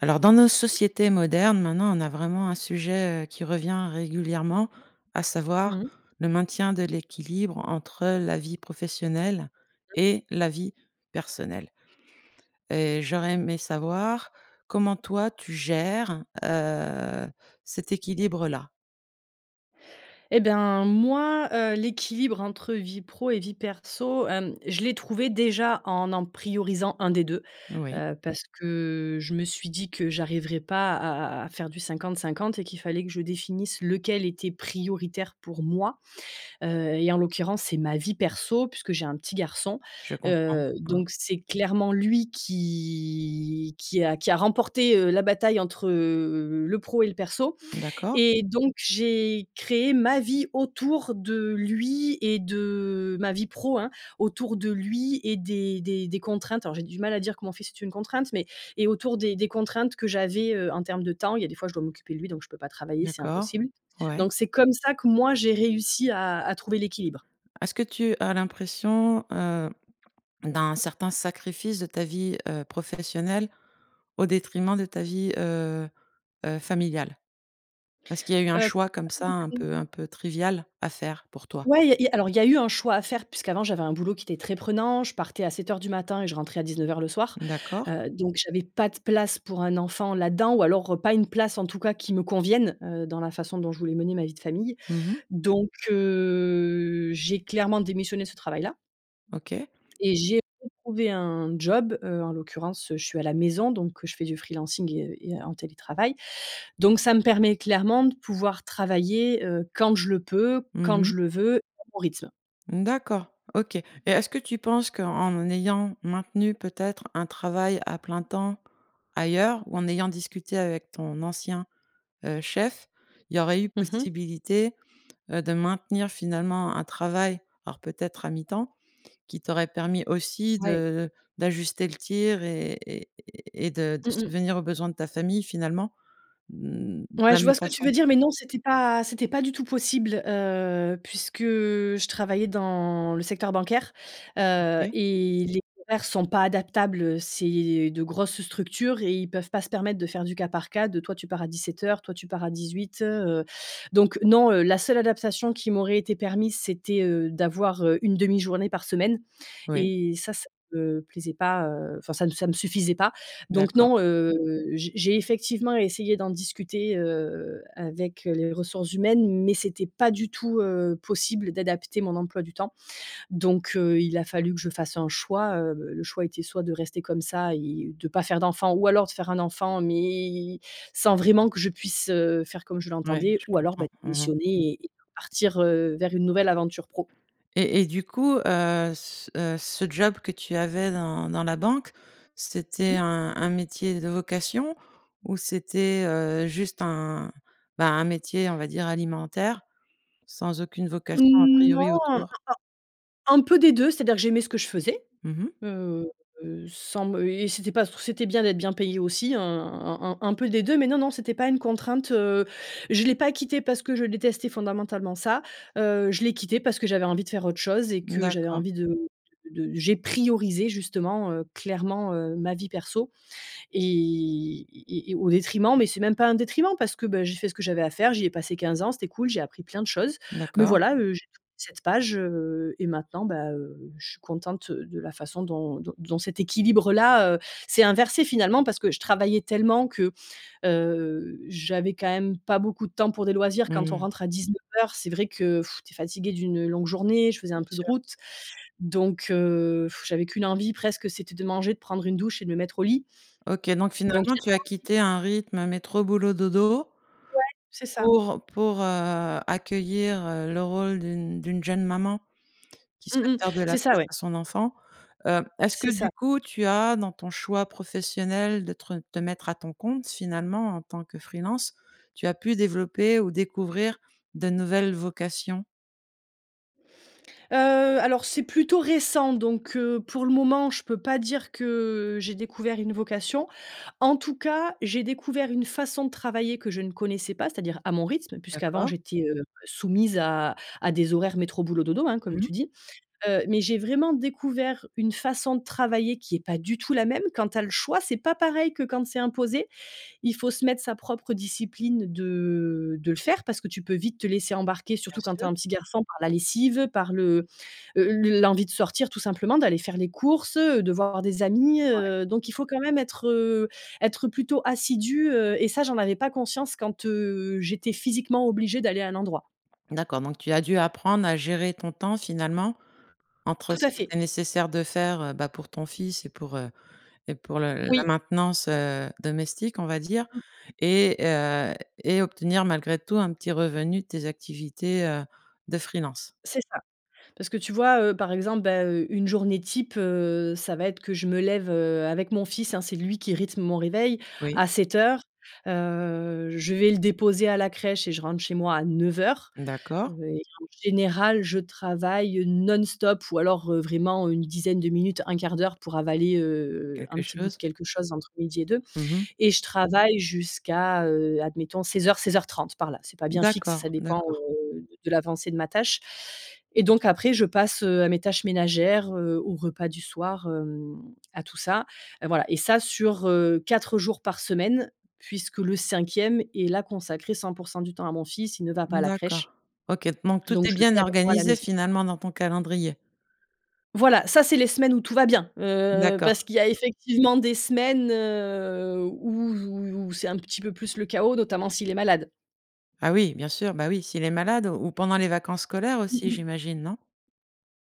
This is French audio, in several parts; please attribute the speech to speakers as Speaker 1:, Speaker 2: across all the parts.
Speaker 1: Alors, dans nos sociétés modernes, maintenant, on a vraiment un sujet, heu, qui revient régulièrement, à savoir
Speaker 2: Mmh.
Speaker 1: le maintien de l'équilibre entre la vie professionnelle
Speaker 2: OK.
Speaker 1: et la vie personnelle. Et j'aurais aimé savoir comment toi tu gères, heu, cet équilibre-là?
Speaker 2: Et ben, moi, heu, l'équilibre entre vie pro et vie perso, hem, je l'ai trouvé, déjà, en en priorisant 1 des 2,
Speaker 1: Oui.
Speaker 2: heu, parce que je me suis dit que j'arriverai pas à à à faire du 50-50 et qu'il fallait que je définisse, lequel était prioritaire pour moi, heu, et en l'occurrence c'est ma vie perso puisque j'ai un petit garçon.
Speaker 1: Je comprends,
Speaker 2: Heu,
Speaker 1: hein.
Speaker 2: donc c'est clairement lui, qui qui a qui a remporté, heu, la bataille entre, heu, le pro et le perso.
Speaker 1: D'accord.
Speaker 2: Et donc j'ai créé ma vie autour de lui et de ma vie pro, hein, autour de lui et des des des contraintes, alors j'ai du mal à dire que mon fils est une contrainte mais et autour des des contraintes que j'avais, heu, en termes de temps. Il y a des fois, je dois m'occuper de lui, donc je peux pas travailler, c'est
Speaker 1: D'accord,
Speaker 2: impossible.
Speaker 1: ouais.
Speaker 2: Donc c'est comme ça que moi, j'ai réussi à à trouver l'équilibre.
Speaker 1: Est-ce que tu as l'impression, heu, d'un certain sacrifice de ta vie, heu, professionnelle au détriment de ta vie, heu heu, familiale? Est-ce qu'il y a eu un
Speaker 2: Heu,
Speaker 1: choix
Speaker 2: pas
Speaker 1: comme ça, un
Speaker 2: détrim
Speaker 1: peu un peu trivial, à faire pour toi?
Speaker 2: Ouais, il y a il y a alors il y a eu un choix à faire puisqu'avant, j'avais un boulot qui était très prenant, je partais à 07:00 du matin et je rentrais à 19:00 le soir,
Speaker 1: D'accord.
Speaker 2: heu, donc j'avais pas de place pour un enfant là-dedans ou alors, heu, pas une place, en tout cas, qui me convienne, heu, dans la façon dont je voulais mener ma vie de famille.
Speaker 1: Mmh mh.
Speaker 2: Donc, heu, j'ai clairement démissionné de ce travail-là.
Speaker 1: OK.
Speaker 2: Et j'ai retrouvé un job, heu, en l'occurrence, heu, je suis à la maison, donc, heu, je fais du freelancing et heu, et en télétravail, donc ça me permet clairement de pouvoir travailler, heu, quand je le peux,
Speaker 1: Mmh
Speaker 2: quand
Speaker 1: mh.
Speaker 2: je le veux, à mon rythme.
Speaker 1: Mmh, d'accord, OK. Et est-ce que tu penses qu'en ayant maintenu, peut-être, un travail à plein temps, ailleurs ou en ayant discuté avec ton ancien, heu, chef, il y aurait eu
Speaker 2: Mmh mh.
Speaker 1: possibilité, heu, de maintenir finalement un travail, alors peut-être à mi-temps, qui t'aurait permis aussi
Speaker 2: Ouais.
Speaker 1: de d'ajuster le tir et et et de de
Speaker 2: Mmh mh.
Speaker 1: subvenir aux besoins de ta famille finalement, mmh, de
Speaker 2: Ouais,
Speaker 1: la
Speaker 2: je vois
Speaker 1: même
Speaker 2: ce que tu veux
Speaker 1: façon?
Speaker 2: dire, mais non, c'était pas c'était pas du tout possible, heu, puisque je travaillais dans le secteur bancaire, heu,
Speaker 1: OK.
Speaker 2: et les horaires sont pas adaptables. Heu, c'est de grosses structures et ils peuvent pas se permettre de faire du cas par cas, de: «Toi, tu pars à 17:00, toi, tu pars à 18:00», heu, donc non, heu, la seule adaptation qui m'aurait été permise, c'était, heu, d'avoir, heu, une 1/2 journée par semaine
Speaker 1: Oui.
Speaker 2: et ça, ça me plaisait pas, heu, enfin, ça me ça me suffisait pas. Donc
Speaker 1: D'accord.
Speaker 2: non, heu, j'ai j'ai effectivement essayé d'en discuter, heu, avec, heu, les ressources humaines, mais c'était pas du tout, heu, possible d'adapter mon emploi du temps. Donc, heu, il a fallu que je fasse un choix, heu, le choix était soit de rester comme ça et de pas faire d'enfant ou alors de faire un enfant, mais sans vraiment que je puisse, heu, faire comme je
Speaker 1: Ouais,
Speaker 2: l'entendais
Speaker 1: je
Speaker 2: ou alors,
Speaker 1: comprends.
Speaker 2: bah,
Speaker 1: Mmh mh.
Speaker 2: démissionner et et partir, heu, vers une nouvelle aventure pro.
Speaker 1: Et et du coup, heu, c heu, ce job que tu avais dans dans la banque, c'était
Speaker 2: Mmh.
Speaker 1: un un métier de vocation ou c'était, heu, juste un, bah, un métier, on va dire, alimentaire sans aucune vocation à
Speaker 2: Mmh, non,
Speaker 1: priori
Speaker 2: un un
Speaker 1: autour?
Speaker 2: un peu des 2, c'est-à-dire que j'aimais ce que je faisais,
Speaker 1: Mmh mh.
Speaker 2: heu, sans me et c'était pas c c'était bien d'être bien payée aussi, un un un un peu des 2, mais non, non, c'était pas une contrainte, heu, je l'ai pas quitté parce que je détestais fondamentalement ça, heu, je l'ai quitté parce que j'avais envie de faire autre chose et que j'avais
Speaker 1: D'accord.
Speaker 2: envie de de de j'ai priorisé justement, heu, clairement, heu, ma vie perso. Et et et et au détriment, mais c'est même pas un détriment parce que, ben, j'ai fait ce que j'avais à faire, j'y ai passé 15 ans, c'était cool. J'ai appris plein de choses. Mais
Speaker 1: D'accord.
Speaker 2: voilà, heu, j'ai tourné cette page, heu, et maintenant, bah, heu, je suis contente de la façon dont dont dont cet équilibre-là, heu, s'est inversé, finalement, parce que je travaillais tellement que, heu, j'avais quand même pas beaucoup de temps pour des loisirs. Quand on
Speaker 1: Mmh.
Speaker 2: rentre à 19:00, c'est vrai que tu es fatiguée d'une, heu, longue journée. Je faisais un
Speaker 1: Bien
Speaker 2: peu de
Speaker 1: sûr.
Speaker 2: route, donc heu, j'avais qu'une envie, presque, c'était de manger de prendre une douche et de me mettre au lit.
Speaker 1: OK, donc
Speaker 2: Donc
Speaker 1: finalement
Speaker 2: des
Speaker 1: tu as
Speaker 2: fois aussi
Speaker 1: quitté un rythme métro, boulot, dodo
Speaker 2: Ouais, c'est ça.
Speaker 1: pour pour, heu, accueillir, heu, le rôle d'une d'une jeune maman qui souhaite
Speaker 2: Mmh mh.
Speaker 1: faire de la
Speaker 2: C'est ça,
Speaker 1: place
Speaker 2: ouais.
Speaker 1: à son enfant. Heu, est-ce que,
Speaker 2: C'est
Speaker 1: du
Speaker 2: ça.
Speaker 1: coup, tu as dans ton choix professionnel de te re te mettre à ton compte, finalement, en tant que freelance, tu as pu développer ou découvrir de nouvelles vocations?
Speaker 2: Heu, alors, c'est plutôt récent, donc, heu, pour le moment, je peux pas dire que, heu, j'ai découvert une vocation. En tout cas, j'ai découvert une façon de travailler que je ne connaissais pas, c'est-à-dire à mon rythme, puisqu'avant
Speaker 1: D'accord.
Speaker 2: j'étais, heu, soumise à à des horaires métro, boulot, dodo, hein, comme
Speaker 1: Mmh.
Speaker 2: tu dis. Heu, mais j'ai vraiment découvert une façon de travailler qui est pas du tout la même. Quand tu as le choix, c'est pas pareil que quand c'est imposé. Il faut se mettre sa propre discipline de de le faire parce que tu peux vite te laisser embarquer,
Speaker 1: Bien
Speaker 2: surtout quand tu as
Speaker 1: sûr.
Speaker 2: un petit garçon, par la lessive, par le, heu, l l'envie de sortir tout simplement, d'aller faire les courses, heu, de voir des amis.
Speaker 1: Ouais.
Speaker 2: Heu, donc il faut quand même être, heu, être plutôt assidue, heu, et ça, j'en avais pas conscience quand, heu, j'étais physiquement obligée d'aller à un endroit.
Speaker 1: D'accord, donc tu as dû apprendre à gérer ton temps, finalement, entre
Speaker 2: Tout
Speaker 1: ce
Speaker 2: à
Speaker 1: qu'il
Speaker 2: fait.
Speaker 1: était nécessaire de faire, heu, bah, pour ton fils et pour, heu, et pour le la
Speaker 2: Oui.
Speaker 1: maintenance, heu, domestique, on va dire,
Speaker 2: Mmh.
Speaker 1: et heu, et obtenir, malgré tout, un petit revenu de tes activités, heu, de freelance.
Speaker 2: C'est ça, parce que tu vois, heu, par exemple, bah, heu, une journée type, heu, ça va être que je me lève, heu, avec mon fils, hein. C'est lui qui rythme mon réveil,
Speaker 1: Oui.
Speaker 2: à 07:00. Heu, je vais le déposer à la crèche et je rentre chez moi à 09:00, heu,
Speaker 1: D'accord.
Speaker 2: et en général, je travaille, heu, non-stop, ou alors, heu, vraiment une dizaine de minutes, 1/4 d'heure pour avaler, heu heu, un
Speaker 1: Quelque
Speaker 2: petit bout de
Speaker 1: chose.
Speaker 2: quelque chose entre midi et 2
Speaker 1: Mmh mh.
Speaker 2: et je travaille jusqu'à, heu, admettons, 16:00-16:30 par là, c'est pas bien fixe, ça
Speaker 1: D'accord,
Speaker 2: dépend,
Speaker 1: d'accord.
Speaker 2: heu, de l'avancée de ma tâche. Et donc après, je passe, heu, à mes tâches ménagères, heu, au repas du soir, hem, à tout ça. Heu, voilà, et ça, sur, heu, 4 jours par semaine, puisque le 5e est, là, consacré 100 % du temps à mon fils. Il ne va pas à
Speaker 1: Mmh,
Speaker 2: la
Speaker 1: d'accord,
Speaker 2: crèche,
Speaker 1: OK, donc tout
Speaker 2: donc
Speaker 1: est
Speaker 2: je
Speaker 1: bien
Speaker 2: l'ai avec moi à la
Speaker 1: organisé,
Speaker 2: maison.
Speaker 1: finalement, dans ton calendrier?
Speaker 2: Voilà, ça, c'est les semaines où tout va bien, heu, parce
Speaker 1: D'accord.
Speaker 2: qu'il y a effectivement des semaines, heu, où où où c'est un petit peu plus le chaos, notamment s'il est malade.
Speaker 1: Ah oui, bien sûr. Bah, oui, s'il est malade ou ou pendant les vacances scolaires
Speaker 2: Mmh
Speaker 1: aussi,
Speaker 2: mh.
Speaker 1: j'imagine, non?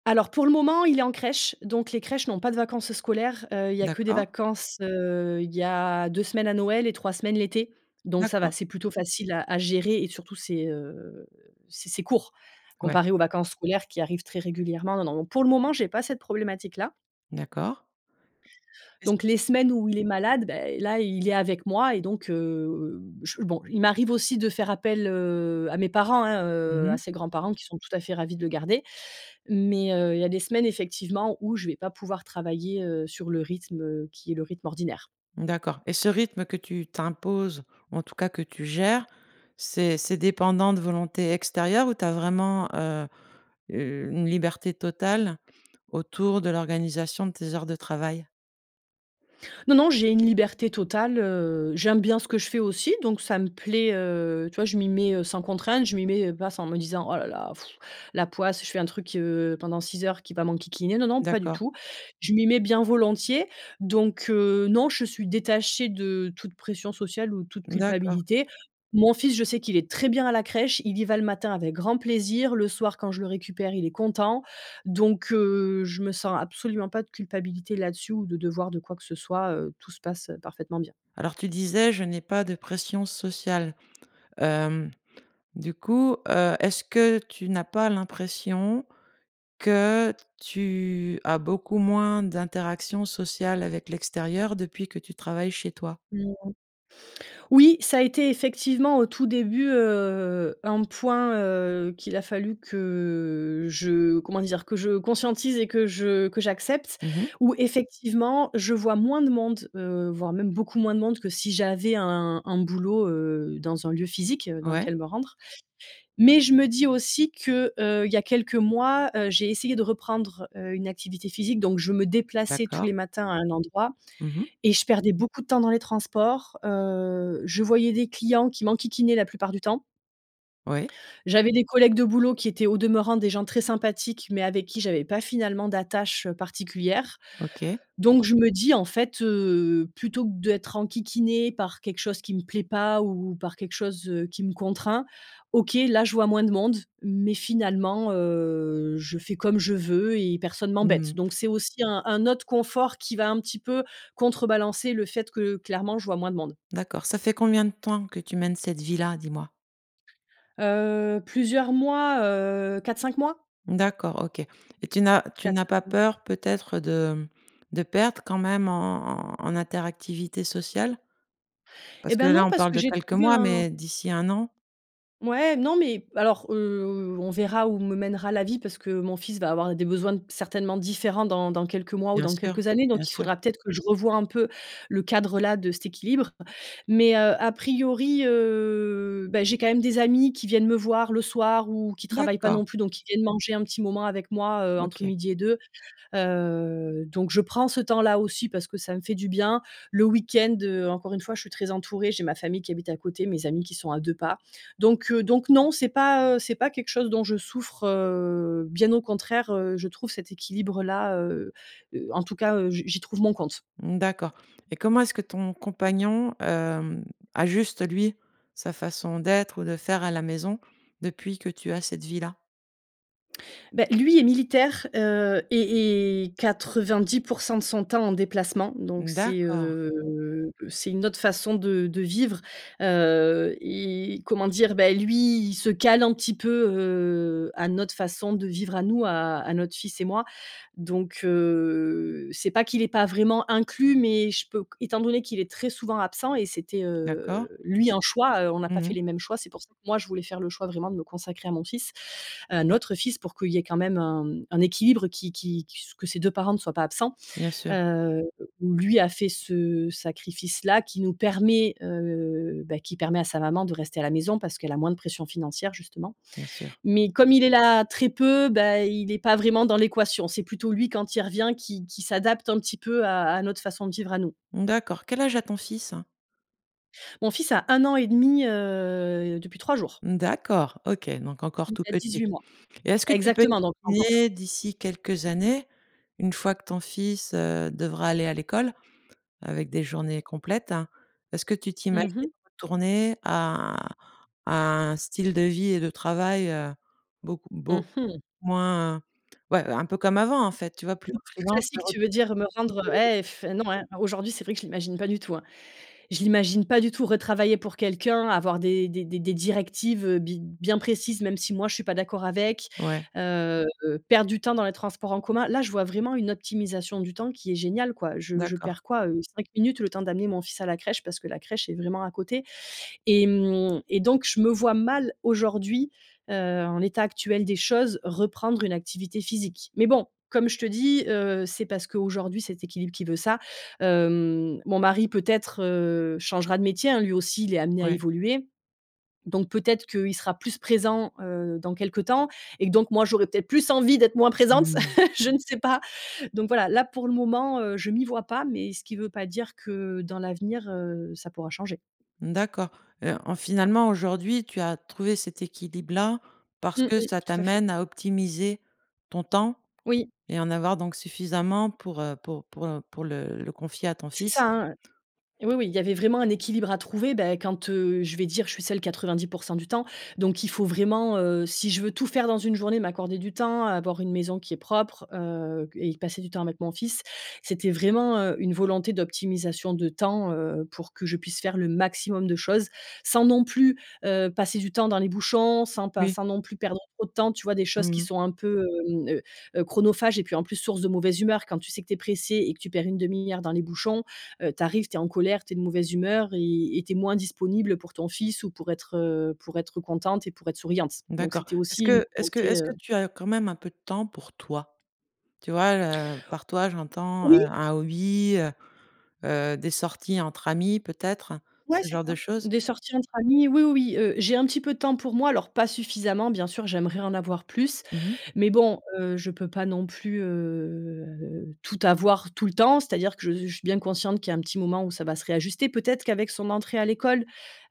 Speaker 2: Alors, pour le moment, il est en crèche, donc, les crèches n'ont pas de vacances scolaires, heu. Il y a que des
Speaker 1: D'accord.
Speaker 2: vacances, heu, il y a 2 semaines à Noël et 3 semaines l'été. Donc, ça va.
Speaker 1: D'accord.
Speaker 2: C'est plutôt facile à à gérer et surtout c'est, heu, c'est c'est court,
Speaker 1: Ouais.
Speaker 2: comparé aux vacances scolaires qui arrivent très régulièrement. Non, pour le moment, j'ai pas cette problématique-là
Speaker 1: D'accord. Et s
Speaker 2: donc, les semaines où il est malade, beh, là, il est avec moi et donc, heu, heu, je bon, il m'arrive aussi de faire appel, heu, à mes parents, hein,
Speaker 1: Mmh
Speaker 2: heu, à
Speaker 1: mh.
Speaker 2: ses grands-parents qui sont tout à fait ravis de le garder, mais, heu, il y a des semaines, effectivement, où je vais pas pouvoir travailler, heu, sur le rythme, heu, qui est le rythme ordinaire.
Speaker 1: D'accord et ce rythme que tu t'imposes, en tout cas, que tu gères, c'est c'est dépendant de volonté extérieure où tu as vraiment heu, u une liberté totale autour de l'organisation de tes heures de travail?
Speaker 2: Non, non. J'ai une liberté totale, heu, j'aime bien ce que je fais aussi donc, ça me plaît, heu. Tu vois, je m'y mets, heu, sans contrainte. Je m'y mets, heu, pas s en me disant: «Oh la la la pfff, la poisse. Je fais un truc, heu, pendant 6 heures qui va m'enquiquiner». Non, non, pas du
Speaker 1: D'accord.
Speaker 2: tout. Je m'y mets bien volontiers donc, heu, non. Je suis détachée de toute pression sociale ou toute
Speaker 1: D'accord.
Speaker 2: culpabilité. Mon fils, je sais qu'il est très bien à la crèche. Il y va le matin avec grand plaisir, le soir quand je le récupère, il est content. Donc, heu, je me sens absolument pas de culpabilité là-dessus ou de devoir de quoi que ce soit, heu, tout se passe, heu, parfaitement bien.
Speaker 1: Alors, tu disais, je n'ai pas de pression sociale. Hem, du coup, heu, est-ce que tu n'as pas l'impression que tu as beaucoup moins d'interactions sociales avec l'extérieur depuis que tu travailles chez toi?
Speaker 2: Mmh. Oui, ça a été effectivement au tout début, heu, un point, heu, qu'il a fallu que, je comment dire, que je conscientise et que je que j'accepte
Speaker 1: Mmh mh.
Speaker 2: où, effectivement, je vois moins de monde, heu, voire même beaucoup moins de monde que si j'avais un un boulot, heu, dans un lieu physique, heu, dans
Speaker 1: Ouais.
Speaker 2: lequel me rendre. Mais, je me dis aussi que, heu, il y a quelques mois, heu, j'ai essayé de reprendre, heu, une activité physique. Donc, je me déplaçais tous
Speaker 1: D'accord.
Speaker 2: les matins à un endroit
Speaker 1: Mmh mh.
Speaker 2: et je perdais beaucoup de temps dans les transports, heu. Je voyais des clients qui m'enquiquinaient la plupart du temps
Speaker 1: Ouais.
Speaker 2: j'avais des collègues de boulot qui étaient au demeurant des gens très sympathiques, mais, avec, qui j'avais pas finalement d'attache particulière.
Speaker 1: OK.
Speaker 2: Donc, je me dis, en fait, heu, plutôt que d'être enquiquinée par quelque chose qui me plaît pas ou par quelque chose, heu, qui me contraint. OK, là, je vois moins de monde mais, finalement, heu, je fais comme je veux et personne
Speaker 1: Mmh
Speaker 2: m'embête.
Speaker 1: mh.
Speaker 2: Donc, c'est aussi un un autre confort qui va un petit peu contrebalancer le fait que clairement je vois moins de monde.
Speaker 1: D'accord, ça fait combien de temps que tu mènes cette vie-là, dis-moi?
Speaker 2: Heu, plusieurs mois, heu, 4-5 mois?
Speaker 1: D'accord, OK. Et tu n'as tu n'as pas
Speaker 2: 4-5 mois.
Speaker 1: peur peut-être de, hem de perdre quand même en en en interactivité sociale?
Speaker 2: Et
Speaker 1: Parce que
Speaker 2: bah,
Speaker 1: là,
Speaker 2: non
Speaker 1: on
Speaker 2: parce
Speaker 1: parle
Speaker 2: que
Speaker 1: de
Speaker 2: j'ai
Speaker 1: quelques
Speaker 2: trouvé
Speaker 1: mois,
Speaker 2: un
Speaker 1: mais d'ici 1 an?
Speaker 2: mouais. Non, mais alors, heu, on verra où me mènera la vie parce que mon fils va avoir des besoins certainement différents dans dans quelques mois ou
Speaker 1: Bien
Speaker 2: dans
Speaker 1: sûr.
Speaker 2: quelques années
Speaker 1: Bien
Speaker 2: donc il
Speaker 1: sûr.
Speaker 2: faudra peut-être que je revois un peu, le cadre, là, de cet équilibre. Mais, heu, à priori, heu, bah, j'ai quand même des amis qui viennent me voir le soir ou qui travaillent pas
Speaker 1: D'accord.
Speaker 2: non plus donc qui viennent manger un petit moment avec moi, heu, entre
Speaker 1: OK.
Speaker 2: midi et deux. Heu, donc je prends ce temps là aussi parce que ça me fait du bien. Le week-end, heu, encore une fois, je suis très entourée, j'ai ma famille qui habite à côté mes amis qui sont à 2 pas. Donc, heu, donc non c'est pas, heu, c'est pas quelque chose dont je souffre, heu, bien au contraire, heu, je trouve cet équilibre là, heu heu, en tout cas, heu je j'y trouve mon compte.
Speaker 1: Mmh, d'accord et comment est-ce que ton compagnon, hem, ajuste lui, sa façon d'être ou de faire à la maison, depuis que tu as cette vie là?
Speaker 2: Beh, lui est militaire, heu et est 90 % de son temps en déplacement, donc
Speaker 1: Mmh,
Speaker 2: c'est,
Speaker 1: d'accord.
Speaker 2: heu, c'est une autre façon de de vivre, heu et comment dire? Beh, lui il se cale un petit peu, heu, à notre façon de vivre à nous, à à notre fils et moi. Donc, heu, c'est pas qu'il est pas vraiment inclus mais je peux q étant donné qu'il est très souvent absent et c'était,
Speaker 1: D'accord.
Speaker 2: heu lui un choix, heu, on n'a
Speaker 1: Mmh
Speaker 2: pas fait
Speaker 1: mh.
Speaker 2: les mêmes choix, c'est pour ça que moi je voulais faire le choix vraiment de me consacrer à mon fils à notre fils pour qu'il y ait quand même un, hem, un équilibre qui qui qui s que ses 2 parents ne soient pas absents.
Speaker 1: Bien sûr.
Speaker 2: Heu, où lui a fait ce sacrifice là qui nous permet, heu, bah, qui permet à sa maman de rester à la maison parce qu'elle a moins de pression financière justement.
Speaker 1: Bien sûr.
Speaker 2: Mais comme il est là très peu, beh, il est pas vraiment dans l'équation, c'est plutôt lui quand il revient qui qui s'adapte un petit peu à à notre façon de vivre à nous.
Speaker 1: Mmh, d'accord, quel âge a ton fils?
Speaker 2: Mon fils a 1 an et demi, heu, depuis 3 jours.
Speaker 1: Mmh, d'accord, OK, donc encore
Speaker 2: Il
Speaker 1: tout
Speaker 2: a
Speaker 1: petit.
Speaker 2: 18 mois.
Speaker 1: Et est-ce que tu peux
Speaker 2: Exactement, donc encore tout
Speaker 1: essayer
Speaker 2: petit.
Speaker 1: d'ici quelques années, une fois que ton fils, heu, devra aller à l'école, avec des journées complètes, hein est-ce que tu t'imagines
Speaker 2: Mmh mh.
Speaker 1: retourner à un à un style de vie et de travail, heu, beaucoup
Speaker 2: Mmh
Speaker 1: beaucoup
Speaker 2: mh.
Speaker 1: moins ouais, un peu comme avant en fait, tu vois? Plus
Speaker 2: Plus
Speaker 1: en freelance
Speaker 2: classique tu veux dire? Me rendre
Speaker 1: [unintelligible]
Speaker 2: et f heu, non, hein, aujourd'hui c'est vrai que je l'imagine pas du tout, hein. Je l'imagine pas du tout, retravailler pour quelqu'un, avoir des des des des directives, heu, bi bien précises même si moi je suis pas d'accord avec,
Speaker 1: Ouais.
Speaker 2: heu, perdre du temps dans les transports en commun, là je vois vraiment une optimisation du temps qui est géniale quoi. Je je
Speaker 1: D'accord.
Speaker 2: perds quoi, heu, 5 minutes le temps d'amener mon fils à la crèche parce que la crèche est vraiment à côté et hem et donc je me vois mal aujourd'hui, heu, en l'état actuel des choses, reprendre une activité physique. Mais bon, comme je te dis, heu, c'est parce qu'aujourd'hui cet équilibre qui veut ça, hem, mon mari peut-être, heu, changera de métier, hein, lui aussi il est amené à
Speaker 1: Ouais.
Speaker 2: évoluer. Donc peut-être qu'il sera plus présent, heu, dans quelque temps et que donc, moi j'aurais peut-être plus envie, d'être moins présente,
Speaker 1: Mmh mh.
Speaker 2: je ne sais pas. Donc voilà, là, pour le moment, heu, je m'y vois pas, mais ce qui veut pas dire que dans l'avenir, heu, ça pourra changer.
Speaker 1: D'accord. Heu, en finalement aujourd'hui tu as trouvé cet équilibre là, parce
Speaker 2: Mmh
Speaker 1: que
Speaker 2: mh.
Speaker 1: ça
Speaker 2: Tout à fait.
Speaker 1: t'amène à optimiser ton temps
Speaker 2: Oui.
Speaker 1: et en avoir donc suffisamment pour, heu, pour pour, heu, pour le le confier à ton
Speaker 2: C'est
Speaker 1: fils.
Speaker 2: ça, hein, heu, oui, oui, il y avait vraiment un équilibre à trouver, beh, quand, heu, je vais dire je suis seule 90 % du temps, donc il faut vraiment, heu, si je veux tout faire dans une journée, m'accorder du temps, avoir une maison qui est propre, heu q et passer du temps avec mon fils, c'était vraiment, heu, une volonté d'optimisation de temps, heu, pour que je puisse faire le maximum de choses. Sans non plus, heu, passer du temps dans les bouchons, sans pas
Speaker 1: Oui.
Speaker 2: sans non plus perdre trop de temps, tu vois, des
Speaker 1: Mmh
Speaker 2: choses qui
Speaker 1: mh.
Speaker 2: sont un peu, hem, heu heu, chronophage et puis en plus source de mauvaise humeur. Quand tu sais que tu es pressé et que tu perds 1/2 heure dans les bouchons, heu, tu arrives, tu es en colère, tu es de mauvaise humeur et et tu es moins disponible pour ton fils ou pour être, heu, pour être contente et pour être souriante. Donc
Speaker 1: D'accord,
Speaker 2: c'était
Speaker 1: est-ce
Speaker 2: aussi une
Speaker 1: que est-ce que
Speaker 2: volonté,
Speaker 1: est-ce que
Speaker 2: heu.
Speaker 1: tu as quand même un peu de temps pour toi? Tu vois le par toi, j'entends, heu,
Speaker 2: Oui!
Speaker 1: un hobby, heu heu, des sorties entre amis, peut-être,
Speaker 2: Ouais,
Speaker 1: ce
Speaker 2: c'est
Speaker 1: genre
Speaker 2: ça.
Speaker 1: de choses?
Speaker 2: Des sorties entre amis oui, oui, oui, heu, j'ai un petit peu de temps pour moi alors, pas suffisamment bien sûr j'aimerais en avoir plus,
Speaker 1: Mmh mh.
Speaker 2: mais bon, heu, je peux pas non plus, heu, tout avoir tout le temps, c'est-à-dire que je s je suis bien consciente qu'il y a un petit moment où ça va se réajuster. Peut-être qu'avec son entrée à l'école,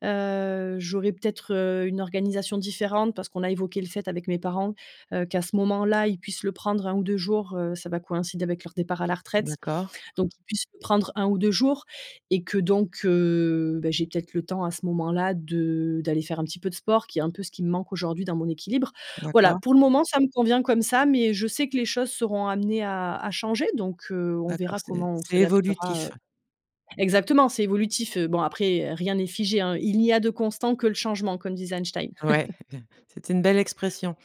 Speaker 2: heu, j'aurais peut-être, heu, une organisation différente parce qu'on a évoqué le fait avec mes parents, heu, qu'à ce moment-là, ils puissent le prendre 1 ou 2 jours, heu, ça va coïncider avec leur départ à la retraite.
Speaker 1: D'accord.
Speaker 2: Donc qu'ils puissent le prendre 1 ou 2 jours. Et que donc, heu, bah, j'ai peut-être le temps à ce moment-là de d'aller faire un petit peu de sport, qui est un peu ce qui me manque aujourd'hui, dans mon équilibre. Voilà,
Speaker 1: D'accord.
Speaker 2: pour le moment ça me convient comme ça mais je sais que les choses seront amenées à à changer donc, heu, on
Speaker 1: D'accord,
Speaker 2: verra
Speaker 1: c'est
Speaker 2: comment on
Speaker 1: c'est
Speaker 2: s'adaptera, heu.
Speaker 1: évolutif.
Speaker 2: Exactement! C'est évolutif, heu, bon après, heu, rien n'est figé, hein: «il n'y a de constant, que le changement», comme disait Einstein.
Speaker 1: Ouais, c'est une belle expression.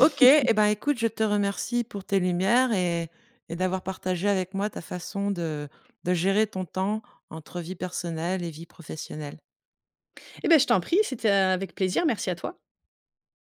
Speaker 1: OK et ben, écoute, je te remercie pour tes lumières et et d'avoir partagé avec moi ta façon de de gérer ton temps entre vie personnelle et vie professionnelle.
Speaker 2: Et beh, je t'en prie, c'était avec plaisir, merci à toi.